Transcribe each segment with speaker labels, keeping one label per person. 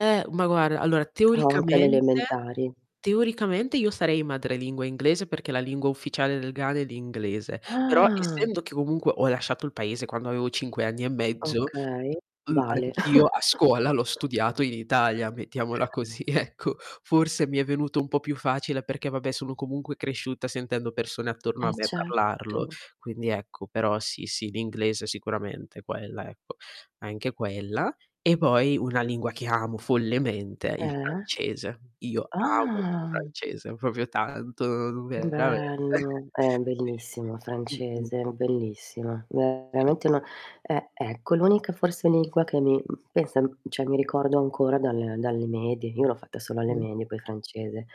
Speaker 1: Eh, ma guarda, allora
Speaker 2: Ah o anche
Speaker 1: teoricamente
Speaker 2: l'elementari.
Speaker 1: teoricamente io sarei madrelingua inglese perché la lingua ufficiale del Ghana è l'inglese. Però
Speaker 2: Ah!
Speaker 1: essendo che comunque ho lasciato il Paese quando avevo 5 anni e mezzo
Speaker 2: Okay,
Speaker 1: mh,
Speaker 2: vale.
Speaker 1: anch'io a scuola l'ho studiato in Italia, mettiamola così ecco. Forse mi è venuto un po' più facile perché, vabbè, sono comunque cresciuta sentendo persone attorno a
Speaker 2: Eh,
Speaker 1: me parlarlo.
Speaker 2: certo.
Speaker 1: Quindi ecco, però sì, sì, l'inglese sicuramente, quella, ecco, anche quella. E poi una lingua che amo follemente è il
Speaker 2: Eh?
Speaker 1: francese. Io amo il
Speaker 2: Ah!
Speaker 1: francese proprio tanto,
Speaker 2: Che
Speaker 1: veramente.
Speaker 2: bello, eh,
Speaker 1: Sì.
Speaker 2: bellissimo
Speaker 1: Mh-mh.
Speaker 2: francese, bellissima.
Speaker 1: Sì.
Speaker 2: Veramente una eh, ecco, l'unica, forse, lingua che mi pensa, cioè mi ricordo ancora dal dalle medie, io l'ho fatta solo alle medie, poi, francese.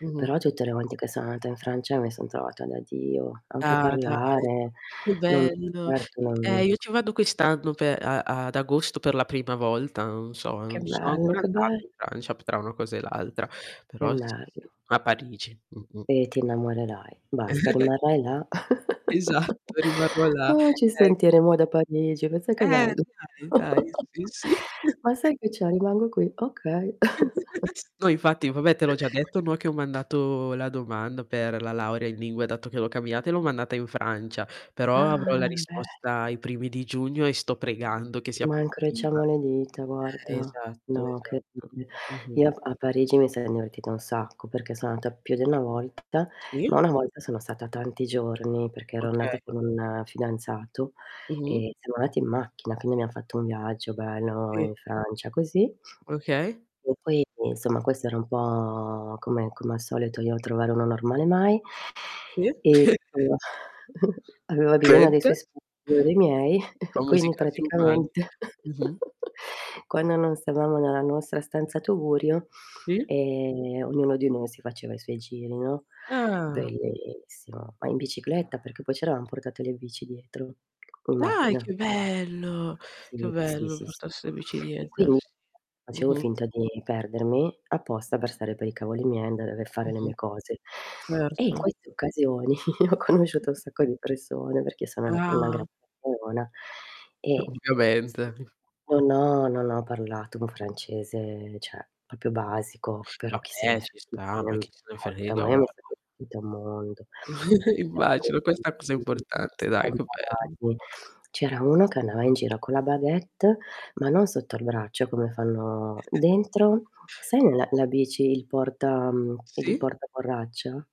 Speaker 1: Mh-mh.
Speaker 2: Però tutte le volte che sono andata in Francia mi son trovata da dio, anche a
Speaker 1: Ah, dai,
Speaker 2: parlare.
Speaker 1: che
Speaker 2: Non
Speaker 1: bello.
Speaker 2: certo,
Speaker 1: I eh,
Speaker 2: non
Speaker 1: io ci vado quest'anno pe a ad agosto per la prima volta, non so,
Speaker 2: Che
Speaker 1: non ci son
Speaker 2: bello,
Speaker 1: ancora
Speaker 2: che
Speaker 1: andata
Speaker 2: bell
Speaker 1: in Francia, p tra una cosa e l'altra,
Speaker 2: Che
Speaker 1: però sì, sì,
Speaker 2: bello.
Speaker 1: a Parigi. Mh-mh.
Speaker 2: E ti innamorerai, basta, rimarrai là
Speaker 1: Esatto, rimarrò là,
Speaker 2: Oh, ci
Speaker 1: ecco.
Speaker 2: sentiremo da Parigi, pensa che
Speaker 1: Eh,
Speaker 2: bello.
Speaker 1: dai, dai, sì, sì.
Speaker 2: "Ma sai che c'è? Rimango qui. Okay."
Speaker 1: No, infatti, vabbè te l'ho già detto, no, che ho mandato la domanda per la laurea in lingue, dato che l'ho cambiata e l'ho mandata in Francia, però
Speaker 2: Ah,
Speaker 1: avrò la
Speaker 2: bello.
Speaker 1: risposta ai primi di giugno e sto pregando che sia
Speaker 2: Ma
Speaker 1: positiva.
Speaker 2: incrociamo le dita,
Speaker 1: Eh,
Speaker 2: guarda.
Speaker 1: esatto,
Speaker 2: No,
Speaker 1: esatto.
Speaker 2: incredibile,
Speaker 1: Mh-mh.
Speaker 2: io a P a Parigi mi son divertita un sacco, perché son andata più di una volta,
Speaker 1: Sì.
Speaker 2: ma una volta sono stata tanti giorni perché ero andata
Speaker 1: Okay.
Speaker 2: con un fidanzato,
Speaker 1: Mh-mh.
Speaker 2: e siamo andati in macchina, quindi abbiamo fatto un viaggio bello in
Speaker 1: Sì.
Speaker 2: Francia, così
Speaker 1: Okay.
Speaker 2: e poi, insomma, questo era un po' come come al solito io trovare uno normale mai.
Speaker 1: Sì.
Speaker 2: E, [unintelligible] aveva bisogno dei
Speaker 1: [unintelligible]
Speaker 2: suoi [unintelligible] io dei miei
Speaker 1: Famosi
Speaker 2: quindi
Speaker 1: casi umani.
Speaker 2: praticamente
Speaker 1: Mh-mh.
Speaker 2: quando non stavamo nella nostra stanza tugurio,
Speaker 1: Sì.
Speaker 2: ehm, ognuno di noi si faceva i suoi giri, no,
Speaker 1: Ah.
Speaker 2: bellissimo, ma in bicicletta, perché poi ci eravam portate le bici dietro, in
Speaker 1: Dai,
Speaker 2: macchina.
Speaker 1: che bello, che
Speaker 2: Sì, sì,
Speaker 1: bello
Speaker 2: sì, sì.
Speaker 1: portarsi le bici
Speaker 2: E
Speaker 1: dietro,
Speaker 2: quindi
Speaker 1: sì.
Speaker 2: [unintelligible] facevo
Speaker 1: Mh-mh.
Speaker 2: finta di perdermi apposta per stare per i cavoli miei e andare aver fare le
Speaker 1: Mh-mh.
Speaker 2: mie cose. E in
Speaker 1: Certo.
Speaker 2: queste occasioni ho conosciuto un sacco di persone, perché sono una una
Speaker 1: Ah.
Speaker 2: gran chiacchierona,
Speaker 1: O
Speaker 2: ehm,
Speaker 1: ovviamente.
Speaker 2: sì, non ho non ho parlato un francese cioè proprio basico, però
Speaker 1: Vabbè, ci
Speaker 2: chissenefrega,
Speaker 1: sta, ma
Speaker 2: non
Speaker 1: che ce ne
Speaker 2: importa,
Speaker 1: frega,
Speaker 2: ma io mi
Speaker 1: guarda.
Speaker 2: sono divertita un mondo, che
Speaker 1: Immagino, questa cosa
Speaker 2: c'erano
Speaker 1: è
Speaker 2: [unintelligible]
Speaker 1: importante, dai, che bello.
Speaker 2: strampalati, c'era uno che andava in giro con la baguette ma non sotto al braccio, come fanno dentro sai la la bici, il porta mhmm, il
Speaker 1: Sì.
Speaker 2: portaborraccia?